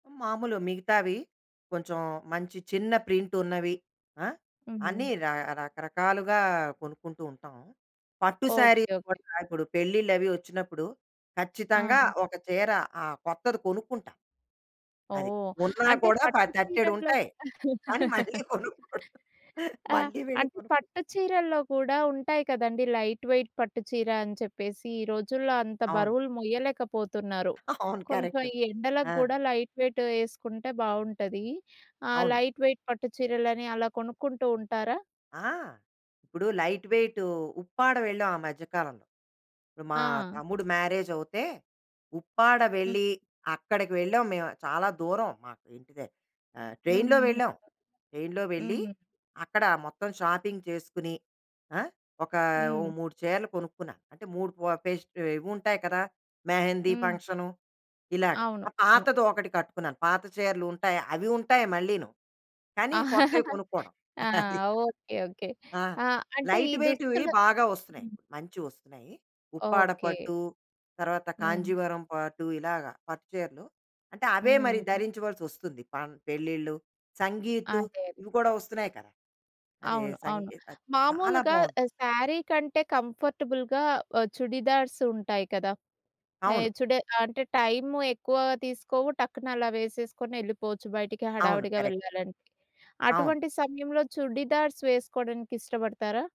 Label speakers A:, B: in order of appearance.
A: మాములు మిగతావి కొంచుం మంచి చిన్న ప్రింటున్నవి, ఆ! అన్నీ
B: హుహు.
A: రా రకరకాలుగా కొనుక్కుంటూ ఉంటాం. పట్టు
B: ఓకే.
A: శారీస్
B: ఓకే.
A: కూడా ఇప్పుడు పెళ్ళిళ్ళవి ఒచ్చినప్పుడు, ఖచ్చితంగా
B: ఆ!
A: ఒక చీర ఆహ్, కొత్తది కొనుక్కుంటా. అది.
B: ఓహ్!
A: ఉన్నా
B: అంటే,
A: కూడా ప
B: పట్టు చీరల్లో
A: తట్టెడుంటాయి,
B: కుడా
A: కానీ మళ్ళీ కొనుక్కోడం.
B: ఆ!
A: మళ్ళీ వెళ్ళి
B: అంటే, పట్టు
A: కొనుక్కుంటాం.
B: చీరల్లో కూడా ఉంటాయి కదండీ లైట్ వెయిట్ పట్టు చీర అని చెప్పేసీ. ఈ రోజుల్లో అంత
A: అవును.
B: బరువులు మొయ్యలేకపోతున్నారు.
A: అవును.
B: కొంచెం
A: కరెక్టు.
B: ఈ ఎండలకు
A: ఆ!
B: గూడా లైట్ వెయిటు యేసుకుంటే బావుంటదీ. ఆహ్,
A: అవును.
B: లైట్ వెయిట్ పట్టు చీరలని అలా కొనుక్కుంటూ ఉంటారా?
A: ఆ! ఇప్పుడు లైట్ వెయిటూ ఉప్పాడ వెళ్ళాం ఆ మధ్యకాలంలో. ఇప్పుడు మా
B: ఆ!
A: తమ్ముడు మ్యారేజవుతే, ఉప్పాడ
B: హ్మ్.
A: వెళ్ళి అక్కడికి వెళ్ళాం మేవు, చాలా దూరం. మా‌కు ఇంటి దె ఆహ్, ట్రైన్‌లో
B: హుహుహు.
A: వెళ్ళాం. ట్రైన్‌లో వెళ్ళి
B: హ్మ్.
A: అక్కడ మొత్తం షాపింగ్ చేసుకుని, ఆ! ఒకా ఓ
B: హ్మ్.
A: 3 చీరలు కొనుక్కున్నా. అంటే, 3 పో పేస్టవ్ ఇవుంటాయి కదా! మెహెందీ
B: హ్మ్.
A: ఫంక్షను, ఇలాగ.
B: అవును.
A: ఒక
B: అవును.
A: పాతది ఒకటి కట్టుకున్నాను. పాత చీరలుంటాయి. అవి ఉంటాయి మళ్ళీను, కానీ కొత్తవి కొనుక్కోడం.
B: ఆ!
A: అది.
B: Okay okay.
A: ఆ!
B: ఆహ్, అంటే ఈ
A: లైట్ వెయిట్‌వి
B: దుస్తులు
A: బాగా ఒస్తున్నాయి.
B: హ్మ్.
A: మంచివొస్తున్నాయి. ఉప్పాడ
B: ఓకే.
A: పట్టు, తర్వాత
B: హ్మ్.
A: కాంజీవరం పాట్టు, ఇలాగా పట్టుచీరలు. అంటే, అవే మరి
B: హ్మ్.
A: ధరించవలసొస్తుంది. పన్ పెళ్ళిళ్ళు, సంగీతు
B: అదే అది.
A: ఇవి కోడా ఒస్తున్నాయి కదా! అదే
B: అవును. అవును.
A: సంగీతది చాలా
B: మామూలుగా
A: బావున్
B: ఆహ్, శారీ కంటే కంఫర్టబుల్‌గా ఆహ్, చుడిదార్సుంటాయి కదా! ఏయ్
A: అవును.
B: చుడె అంటే, టైము ఎక్కువగా తీసుకోవు, టక్కునలా వేసేసుకొని యెళ్ళిపోవచ్చు బయటికి,
A: అవును.
B: హడావిడిగా
A: కరెక్ట్.
B: వెళ్ళాలంటే.
A: అవును.
B: అటువంటి సమయంలో చుడిదార్స్ వేసుకోడానికిష్టపడతారా?